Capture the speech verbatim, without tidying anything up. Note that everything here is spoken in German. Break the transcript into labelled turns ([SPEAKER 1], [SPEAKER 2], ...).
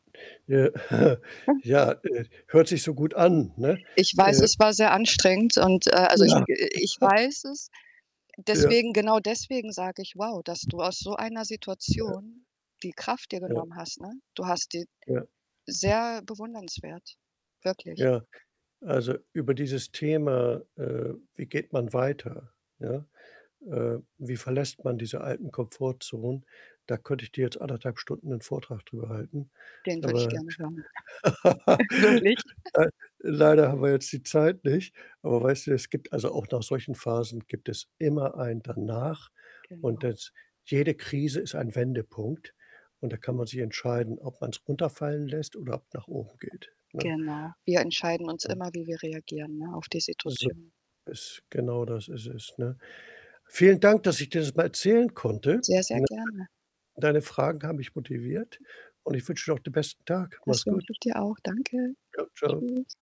[SPEAKER 1] Ja,
[SPEAKER 2] Hm.
[SPEAKER 1] ja, äh, hört sich so gut an, ne?
[SPEAKER 2] Ich weiß,
[SPEAKER 1] Äh
[SPEAKER 2] es war sehr anstrengend, und a also, ich ge
[SPEAKER 1] [unintelligible]
[SPEAKER 2] ich weiß es.
[SPEAKER 1] Ja.
[SPEAKER 2] Deswegen genau deswegen sage ich: „Wow, dass du aus so einer
[SPEAKER 1] Ja.
[SPEAKER 2] Situation die Kraft dir
[SPEAKER 1] Ja.
[SPEAKER 2] genommen hast“, ne? Du hast die
[SPEAKER 1] Ja.
[SPEAKER 2] sehr bewundernswert, wirklich.
[SPEAKER 1] Ja. Also über dieses Thema, äh, wie geht man weiter, ja? Äh, wie verlässt man diese alten Komfortzonen, da könnte ich dir jetzt anderthalb Stunden 'nen Vortrag drüber halten.
[SPEAKER 2] Den würde ich
[SPEAKER 1] Aber
[SPEAKER 2] gerne hören. Wirklich.
[SPEAKER 1] lei leider haben wir jetzt die Zeit nicht. Aber weißt du, es gibt also auch nach solchen Phasen gibt es immer ein Danach, und
[SPEAKER 2] Genau.
[SPEAKER 1] das jede Krise ist ein Wendepunkt und da kann man sich entscheiden, ob man's runterfallen lässt oder ab nach oben geht, ne?
[SPEAKER 2] Genau. Wir entscheiden uns
[SPEAKER 1] Ja.
[SPEAKER 2] immer, wie wir reagieren, ne? Auf die
[SPEAKER 1] So
[SPEAKER 2] Situation.
[SPEAKER 1] is genau Das ist es, ne? Vielen Dank, dass ich dir das mal erzählen konnte.
[SPEAKER 2] Sehr, sehr
[SPEAKER 1] [unintelligible]
[SPEAKER 2] gerne.
[SPEAKER 1] Deine Fragen haben mich motiviert, und ich wünsche dir auch den besten Tag.
[SPEAKER 2] Das
[SPEAKER 1] Mach's gut.
[SPEAKER 2] wünsche ich dir auch. Danke.
[SPEAKER 1] Ja. Ciao.
[SPEAKER 2] Tschüss.